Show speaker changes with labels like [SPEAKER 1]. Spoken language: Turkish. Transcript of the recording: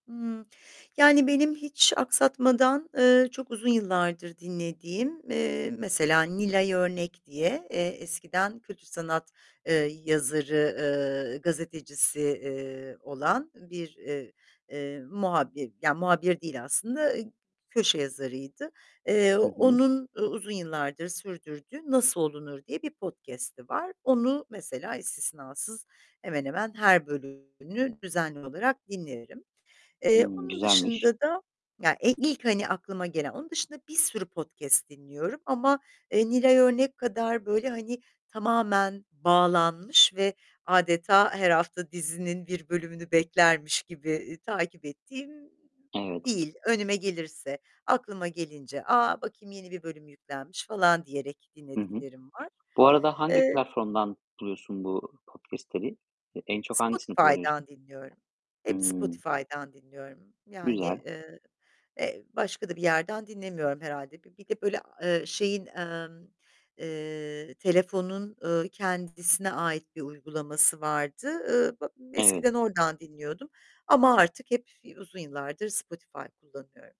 [SPEAKER 1] Imm. Yani benim hiç aksatmadan, eee, çok uzun yıllardır dinlediğim, eee, mesela Nilay Örnek diye, eee, eskiden kötü sanat, eee, yazarı, eee, gazetecisi, eee, olan bir, eee, muhabir, ya muhabir değil aslında köşe yazarıydı. Eee,
[SPEAKER 2] Hı hı.
[SPEAKER 1] onun u uzun yıllardır sürdürdüğü "Nasıl olunur?" diye bir podcast'i var. Onu mesela istisnasız, hemen hemen her bölümünü düzenli olarak dinlerim. Eee,
[SPEAKER 2] Hıı,
[SPEAKER 1] onun
[SPEAKER 2] güzelmiş.
[SPEAKER 1] dışında da ya ilk, hani, aklıma gelen. Onun dışında bir sürü podcast dinliyorum ama, eee, Nilay Örnek kadar böyle hani, tamamen bağlanmış ve adeta her hafta dizinin bir bölümünü beklermiş gibi i takip ettiğim
[SPEAKER 2] Evet.
[SPEAKER 1] değil, önüme gelirse, aklıma gelince. "A, bakayım yeni bir bölüm yüklenmiş." falan diyerek
[SPEAKER 2] Hı hı.
[SPEAKER 1] dinlediklerim var.
[SPEAKER 2] Bu arada hangi
[SPEAKER 1] Eee
[SPEAKER 2] platformdan buluyorsun bu podcast'leri? En çok hangisini kullanıyorsun?
[SPEAKER 1] Spotify'dan dinliyorum. Hep
[SPEAKER 2] Hıı.
[SPEAKER 1] Spotify'dan dinliyorum. Yani,
[SPEAKER 2] Güzel.
[SPEAKER 1] eee, eee, başka da bir yerden dinlemiyorum herhâlde. Bir bir de böyle, eee, şeyin, emm, eee, telefonun, ııı, kendisine ait bir uygulaması vardı. Iıı, b
[SPEAKER 2] Evet.
[SPEAKER 1] eskiden oradan dinliyordum ama artık hep uzun yıllardır Spotify kullanıyorum.